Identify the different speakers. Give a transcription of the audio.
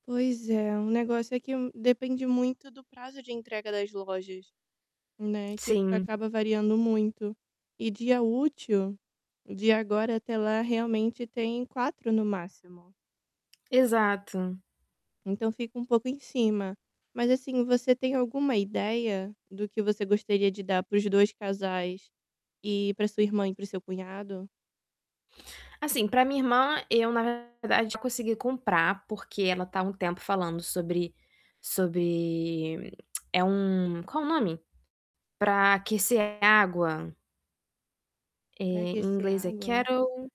Speaker 1: Pois é, o negócio é que um depende muito do prazo de entrega das lojas, né, que
Speaker 2: Sim.
Speaker 1: acaba variando muito. E dia útil, de agora até lá, realmente tem 4 no máximo.
Speaker 2: Exato.
Speaker 1: Então fica um pouco em cima. Mas, assim, você tem alguma ideia do que você gostaria de dar para os 2 casais e pra sua irmã e pro seu cunhado?
Speaker 2: Assim, pra minha irmã, eu, na verdade, consegui comprar, porque ela tá há um tempo falando sobre sobre é um qual o nome? Pra aquecer a água. Eh,
Speaker 1: Pra
Speaker 2: em
Speaker 1: aquecer a
Speaker 2: inglês é
Speaker 1: água?
Speaker 2: kettle.